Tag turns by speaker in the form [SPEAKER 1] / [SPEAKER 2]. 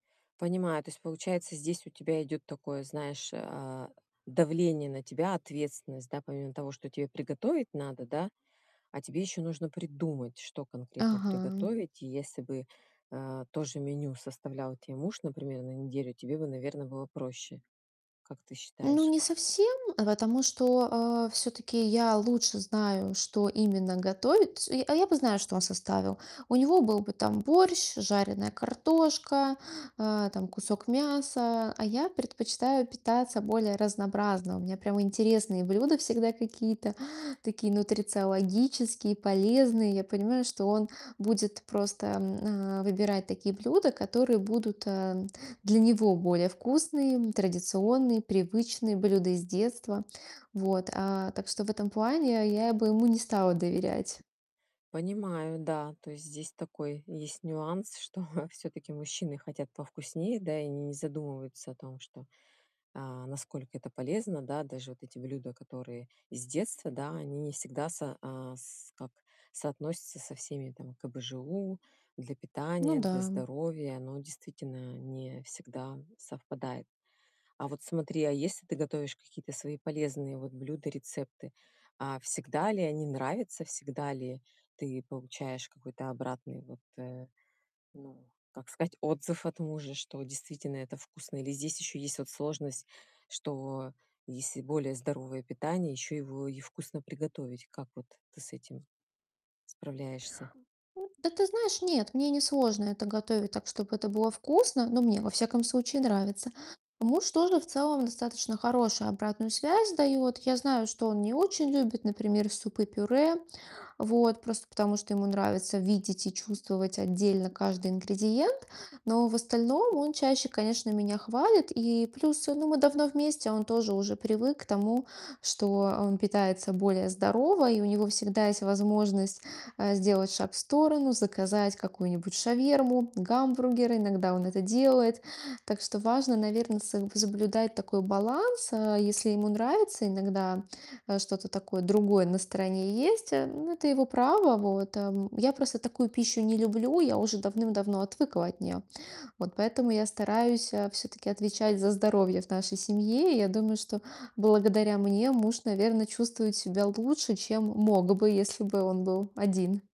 [SPEAKER 1] Понимаю, то есть получается, здесь у тебя идёт такое, знаешь, а, давление на тебя, ответственность, да, помимо того, что тебе приготовить надо, да, а тебе ещё нужно придумать, что конкретно
[SPEAKER 2] Ага.
[SPEAKER 1] приготовить. И если бы, а, то же меню составлял те муж, например, на неделю, тебе бы, наверно, было проще. Как ты
[SPEAKER 2] Ну,
[SPEAKER 1] считаешь?
[SPEAKER 2] не совсем, потому что, а, всё-таки я лучше знаю, что именно готовит, то есть, а, я а, я бы знаю, что он составил. У него был бы там борщ, жареная картошка, а, там кусок мяса. А я предпочитаю питаться более разнообразно. У меня прямо интересные блюда всегда какие-то такие нутрициологические, полезные. Я понимаю, что он будет просто, м, а, выбирать такие блюда, которые будут, а, для него более вкусные, традиционные, привычные блюда из детства, вот, а. Так что в этом плане я бы ему не стала доверять.
[SPEAKER 1] Понимаю, да. То есть здесь такой есть нюанс, что всё-таки мужчины хотят повкуснее, да, и они не задумываются о том, что, а, насколько это полезно, да. Даже вот эти блюда, которые с детства, да, они не всегда со а, с как соотносятся со всеми там КБЖУ. Для питания,
[SPEAKER 2] Ну
[SPEAKER 1] для
[SPEAKER 2] да.
[SPEAKER 1] здоровья, оно действительно не всегда совпадает. А вот смотри, а если ты готовишь какие-то свои полезные вот блюда, рецепты, а всегда ли они нравятся, всегда ли ты получаешь какой-то обратный вот, э, ну, как сказать, отзыв от мужа, что действительно это вкусно? Или здесь ещё есть вот сложность, что если более здоровое питание, ещё его и вкусно приготовить? Как вот ты с этим справляешься?
[SPEAKER 2] М, да ты знаешь, нет, мне не сложно это готовить так, чтобы это было вкусно, но мне, во всяком случае, нравится. Муж тоже в целом достаточно хорошую обратную связь дает. Я знаю, что он не очень любит, например, супы-пюре. Вот. Просто потому, что ему нравится видеть и чувствовать отдельно каждый ингредиент. Но в остальном он чаще, конечно, меня хвалит, и плюс, ну, мы давно вместе, он тоже уже привык к тому, что он питается более здорово, и у него всегда есть возможность, а, сделать шаг в сторону, заказать какую-нибудь шаверму, гамбургер. Иногда он это делает. Так что важно, наверно, соб соблюдать такой баланс. А если ему нравится иногда, э, что-то такое другое на стороне есть, э, ну, это его право, вот, ам. Я просто такую пищу не люблю, я уже давным-давно отвыкла от нее. Вот поэтому я стараюсь, а, всё-таки отвечать за здоровье в нашей семье. И я думаю, что благодаря мне муж, наверно, чувствует себя лучше, чем мог бы, если бы он был один.